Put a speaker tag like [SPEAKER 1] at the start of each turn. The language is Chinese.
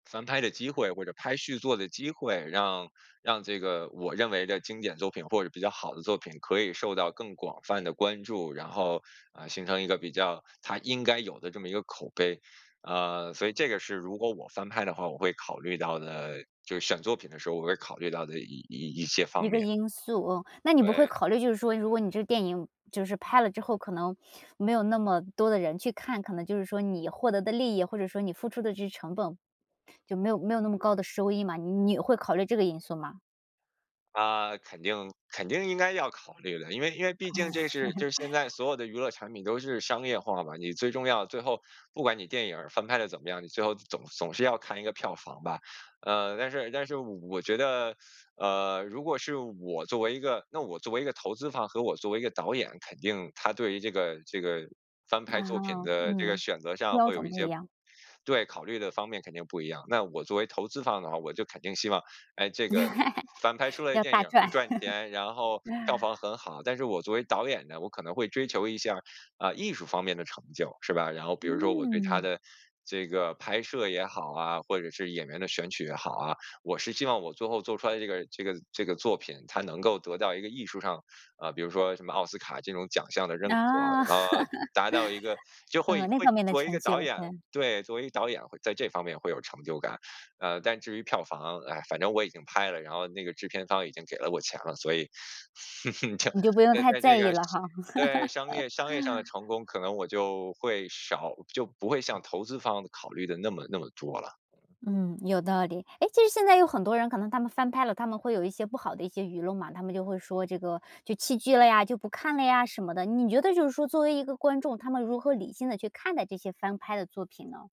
[SPEAKER 1] 翻拍的机会或者拍续作的机会，让让这个我认为的经典作品或者比较好的作品可以受到更广泛的关注，然后，呃，形成一个比较它应该有的这么一个口碑，啊，所以这个是如果我翻拍的话，我会考虑到的就是选作品的时候，我会考虑到的一一一些方
[SPEAKER 2] 一个
[SPEAKER 1] 面。
[SPEAKER 2] 因素，嗯，那你不会
[SPEAKER 1] 对。
[SPEAKER 2] 考虑，就是说如果你这电影就是拍了之后，可能没有那么多的人去看，可能就是说你获得的利益，或者说你付出的这些成本，就没有没有那么高的收益嘛，你你会考虑这个因素吗？
[SPEAKER 1] 啊，肯定肯定应该要考虑的，因为因为
[SPEAKER 2] 嗯。
[SPEAKER 1] 毕竟这是 就是现在所有的娱乐产品都是商业化嘛，你最重要最后不管你电影儿翻拍得怎么样，最后总总是要看一个票房吧，呃，但是但是我我觉得，呃，如果是我作为一个那我作为一个投资方和我作为一个导演，肯定他对于这个这个翻拍作品
[SPEAKER 2] 啊，
[SPEAKER 1] 的这个
[SPEAKER 2] 嗯，
[SPEAKER 1] 选择上
[SPEAKER 2] 标
[SPEAKER 1] 会有
[SPEAKER 2] 准
[SPEAKER 1] 一
[SPEAKER 2] 不一
[SPEAKER 1] 些
[SPEAKER 2] 样。
[SPEAKER 1] 对，考虑的方面肯定不一样。那我作为投资方的话，我就肯定希望，诶，这个翻拍出 来的
[SPEAKER 2] 要
[SPEAKER 1] 电
[SPEAKER 2] 大
[SPEAKER 1] 影能
[SPEAKER 2] 赚。
[SPEAKER 1] 赚钱，然后票房 很好，但是我作为导演呢，我可能会追求一下，啊，艺术方面的成就，是吧？然后比如说我对它
[SPEAKER 2] 嗯。
[SPEAKER 1] 的这个拍摄也好啊，或者是演员的选取也好啊，我是希望我最后做出来的这个这个这个作品，他能够得到一个艺术上啊，比如说什么奥斯卡这种奖项的认可。
[SPEAKER 2] 啊。
[SPEAKER 1] 呃，然后达到一个 就会
[SPEAKER 2] 呃，那
[SPEAKER 1] 会
[SPEAKER 2] 方面的
[SPEAKER 1] 作为一
[SPEAKER 2] 成
[SPEAKER 1] 个导
[SPEAKER 2] 就，
[SPEAKER 1] 演
[SPEAKER 2] 嗯。
[SPEAKER 1] 对，作为一个导演会在这方面会有成就感。呃，但至于票房，唉，反正我已经拍了，然后那个制片方已经给了我钱了，所以
[SPEAKER 2] 你就不用
[SPEAKER 1] 在
[SPEAKER 2] 太
[SPEAKER 1] 在这
[SPEAKER 2] 在意
[SPEAKER 1] 个
[SPEAKER 2] 了哈。
[SPEAKER 1] 对，商业商业上的 成功，可能我就会少就不会像投资方考虑的那么那么多了。
[SPEAKER 2] 嗯，有道理，诶，其实现在有很多人可能他们翻拍了，他们会有一些不好的一些舆论嘛，他们就会说这个就弃剧了呀，就不看了呀什么的。你觉得就是说作为一个观众，他们如何理性地去看待这些翻拍的作品呢？